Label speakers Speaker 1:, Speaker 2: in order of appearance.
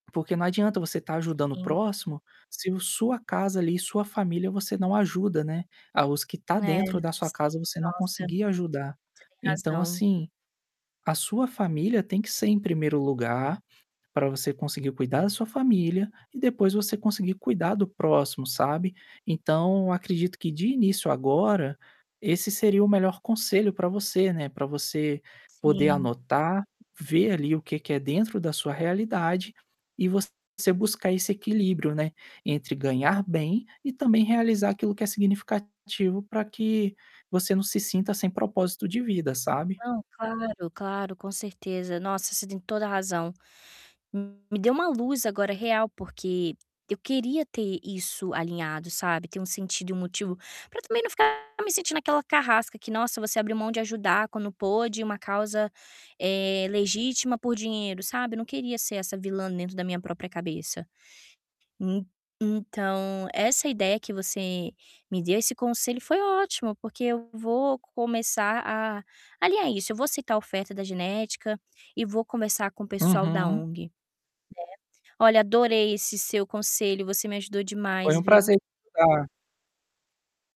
Speaker 1: Porque não adianta você tá ajudando o
Speaker 2: Sim.
Speaker 1: próximo, se o sua casa ali, sua família, você não ajuda, né. Ah, os que tá
Speaker 2: É,
Speaker 1: dentro da sua
Speaker 2: sim,
Speaker 1: casa, você não
Speaker 2: nossa,
Speaker 1: conseguir ajudar.
Speaker 2: você tem
Speaker 1: Então
Speaker 2: razão.
Speaker 1: assim, a sua família tem que ser em 1º lugar para você conseguir cuidar da sua família e depois você conseguir cuidar do próximo, sabe. Então acredito que de início agora, esse seria o melhor conselho para você, né. Para você poder
Speaker 2: Sim.
Speaker 1: anotar, ver ali o que que é dentro da sua realidade e você buscar esse equilíbrio, né, entre ganhar bem e também realizar aquilo que é significativo para que você não se sinta sem propósito de vida, sabe.
Speaker 2: Não, claro, claro, com certeza. Nossa, você tem toda razão. Me deu uma luz agora real, porque eu queria ter isso alinhado, sabe. Ter um sentido e um motivo para também não ficar me sentindo aquela carrasca que, "Nossa, você abriu mão de ajudar quando pôde uma causa, eh, legítima por dinheiro", sabe? Não queria ser essa vilã dentro da minha própria cabeça. En então, essa ideia que você me deu, esse conselho foi ótimo, porque eu vou começar a alinhar isso. Eu vou aceitar a oferta da genética e vou conversar com o pessoal da
Speaker 1: Uhum.
Speaker 2: ONG, né. Olha, adorei esse seu conselho, você me ajudou
Speaker 1: Foi
Speaker 2: demais,
Speaker 1: um
Speaker 2: viu.
Speaker 1: prazer te ajudar.